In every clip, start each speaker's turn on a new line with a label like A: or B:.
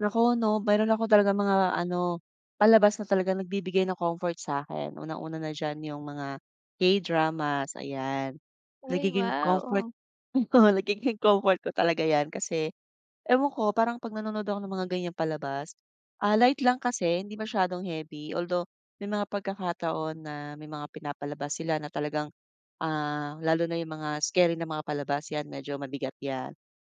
A: Naku, 'no, mayroon ako talagang mga ano, palabas na talagang nagbibigay ng comfort sa'kin. Una-una na diyan yung mga K-dramas, ayan,
B: Ay,
A: nagiging
B: wow,
A: comfort,
B: oo.
A: oo, nagiging comfort ko talaga yan kasi, ewan ko, parang 'pag nanonood ako ng mga ganyang palabas, ah, light lang kasi hindi masyadong heavy. Although, may mga pagkakataon na may mga pinapalabas sila na talagang, ah, lalo na yung mga scary na mga palabas, yan, medyo mabigat yan.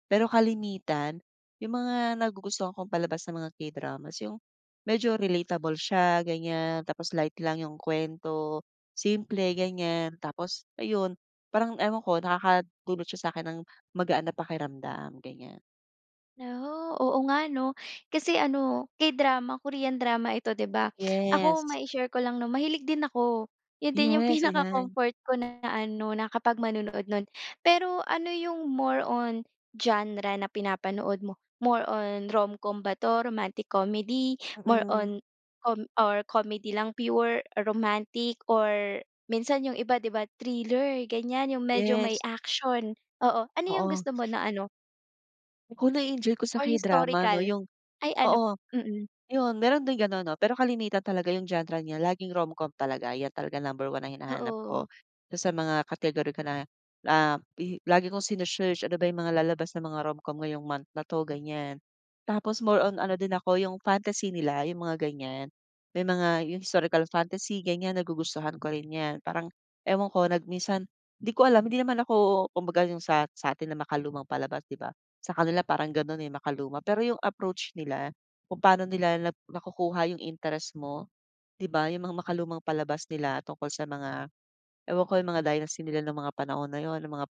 A: Pero kalimitan, yung mga nagugustuhan kong palabas na mga K-dramas yung, medyo relatable siya, ganyan. Tapos light lang yung kuwento, simple ganyan. Tapos ayun, parang ewan ko nakakadulot siya sa'kin ng, magaan ng pakiramdam, ganyan.
B: Naku oo, nga 'no, kasi ano, K-drama, Korean drama ito 'di ba? Ako
A: Yes.
B: mai share ko lang 'no, mahilig din ako. 'Yon din yung
A: Yes, ayan.
B: pinaka-comfort ko na na ano, na kapag manonood no'n. Pero, ano yung more on, genre na pinapanood mo? More on, romcom ba 'to, romantic comedy, more
A: Mm.
B: on com or comedy lang, pure romantic or minsan yung iba 'di ba, thriller, ganyan, yung medyo may
A: Yes.
B: action, oo, ano yung
A: Oo.
B: gusto mo na ano?
A: Ku nae-enjoy ko sa
B: Or
A: K-drama 'no,
B: historical.
A: yung
B: Ay, ano
A: oo,
B: mm.
A: 'yon meron din gano'n 'no, pero kalimitan talaga yung genre niya laging romcom talaga, yan talaga number 1 na hinahanap ko.
B: Oo.
A: Sa mga category ko na, ah, i lagi kong sine-search, ano ba yung mga lalabas na mga romcom ngayong month na 'to, ganyan. Tapos, more on ano din ako, yung fantasy nila, yung mga ganyan, may mga, yung historical fantasy, ganyan, nagugustuhan ko rin yan, parang ewan ko nag minsan,' di ko alam, hindi naman ako, kumbaga yung sa sa'tin na makalumang palabas, 'di ba? Sa kanila parang gano'n eh, makaluma, pero yung approach nila, kung pa'no nila nap nakukuha yung interest mo, 'di ba, yung mga makalumang palabas nila tungkol sa mga, ewan ko, yung mga dynasty nila ng mga panahon na 'yon, ng mangap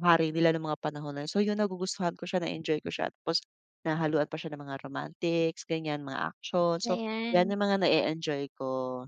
A: hari nila ng mga panahon na 'yon, so yung nagugustuhan ko siya, nae-enjoy ko siya, tapos nahahaluan pa siya ng mga romantics, ganyan, mga action, so, yan
B: Ayan.
A: yung mga nae-enjoy ko.